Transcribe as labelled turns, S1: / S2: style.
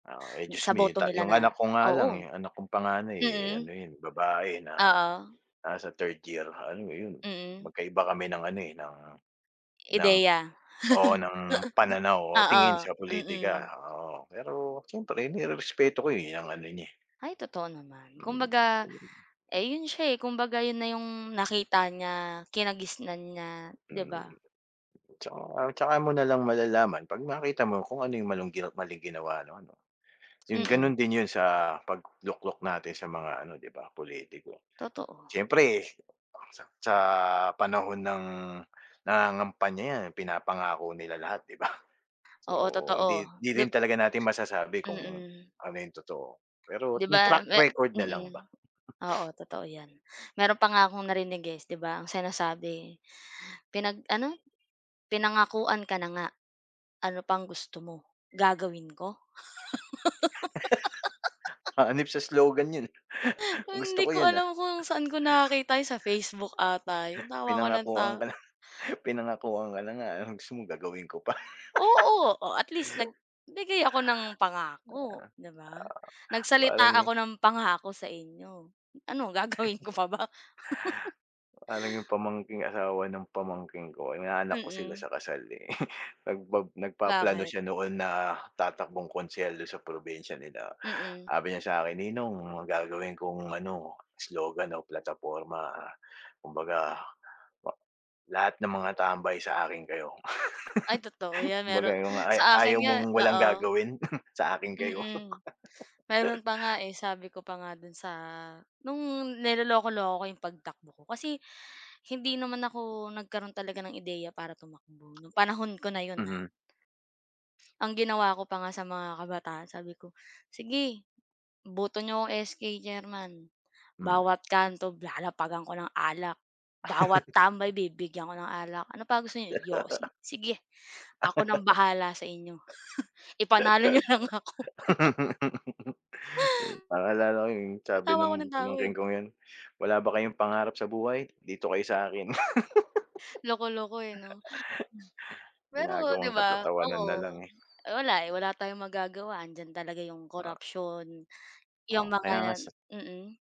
S1: Ah, eh,
S2: Sa
S1: jusmiyo
S2: boto
S1: ta
S2: nila
S1: yung
S2: na
S1: anak ko nga lang,
S2: oo.
S1: eh, yung anak kong panganay, eh, ano
S2: Mm.
S1: yun babae na
S2: Oo.
S1: nasa 3rd year ha ano mo yun,
S2: Mm.
S1: magkaiba kami ng ano, eh, ng ng
S2: Ideya.
S1: oo, ng pananaw o
S2: Oo.
S1: tingin sa pulitika,
S2: Mm.
S1: oo. Pero siyempre nirerespeto ko, eh, 'yang ano niya, eh.
S2: Ay, totoo naman.
S1: Mm.
S2: Kumbaga, eh, 'yon siya, eh, kumbaga 'yon na yung nakita niya, kinagisnan niya, 'di
S1: Hmm,
S2: ba?
S1: tsaka tsaka mo na lang malalaman 'pag makita mo kung ano yung malung maling ginawa ano, ano. Yun,
S2: Mm.
S1: ganun din yun sa pagluklok natin sa mga ano, 'di ba politiko?
S2: Totoo.
S1: Siyempre, sa sa panahon ng nangangampanya 'yan, eh, pinapangako nila lahat 'di ba? So,
S2: Oo, totoo.
S1: hindi hindi
S2: 'Di
S1: rin talaga natin masasabi kung
S2: Mm.
S1: ano yung totoo. Pero
S2: 'Di
S1: yung
S2: ba,
S1: track
S2: me
S1: record na lang ba.
S2: mm. Oo, totoo 'yan. Meron pa nga akong narinig, eh. S 'di ba ang sinasabi pinag-ano, pinangakuan ka na nga, ano pang gusto mo, gagawin ko.
S1: Hanep sa slogan yun, ah. Gusto
S2: Hindi
S1: ko
S2: ko
S1: yun, ah.
S2: alam kung sa'n ko nakita yun, sa Facebook ata yun, tawa ako ng tawa.
S1: Pinangakuan ka na, pinangakuan ka na nga, anong gusto mo, gagawin ko pa.
S2: Oo. O, at least nagbigay ako ng pangako, 'di ba?
S1: Oo,
S2: Nagsalita
S1: parang
S2: ako ng pangako sa inyo. Ano gagawin ko pa ba?
S1: Parang yung pamangkin asawa ng pamangkin ko, inaanak ko sila
S2: Mm.
S1: sa kasal, eh. Nagba nagpaplano
S2: Bakit?
S1: siya noon na tatakbong konsehal do'n sa probinsya nila.
S2: Mm.
S1: Sabi niya sa akin, "Ninong, gagawin kong ano, slogan o plataporma. Kumbaga a lahat ng mga tambay sa akin kayo."
S2: Ay, totoo 'yan.
S1: Kumbaga
S2: Meron
S1: yung a
S2: sa akin
S1: ayaw
S2: nga
S1: mong walang
S2: oo.
S1: gagawin, sa akin kayo.
S2: Mm. Meron pa nga, eh. Sabi ko pa nga do'n sa no'ng niloloko-loko ko yung pagtakbo ko. Kasi hindi naman ako nagkaroon talaga ng ideya para tumakbo 'no, panahon ko na 'yon, ha.
S1: Mm.
S2: Ang ginawa ko pa nga sa mga kabataan, sabi ko, "Sige, boto niyo akong SK Chairman.
S1: Mm.
S2: Bawat kanto lalapagan ko ng alak. Bawat tambay bibigyan ko ng alak. Ano pa gusto niyo, yosi? Sige, ako nang bahala sa inyo. Ipanalo niyo lang ako."
S1: Naalala ko yung sabi
S2: Tawa ako
S1: nung
S2: nang tawa,
S1: pamangkin
S2: eh.
S1: kong yun, wala ba kayong pangarap sa buhay? Dito kayo sa akin.
S2: Loko-loko, eh, 'no. Pero 'di
S1: Ginagawang
S2: ba?
S1: katatawanan na
S2: Oo.
S1: lang, eh.
S2: Wala, eh, wala tayong magagawa. Andiyan talaga yung
S1: O
S2: korupsiyon, yung
S1: O, kaya nga
S2: mga
S1: sa
S2: mm.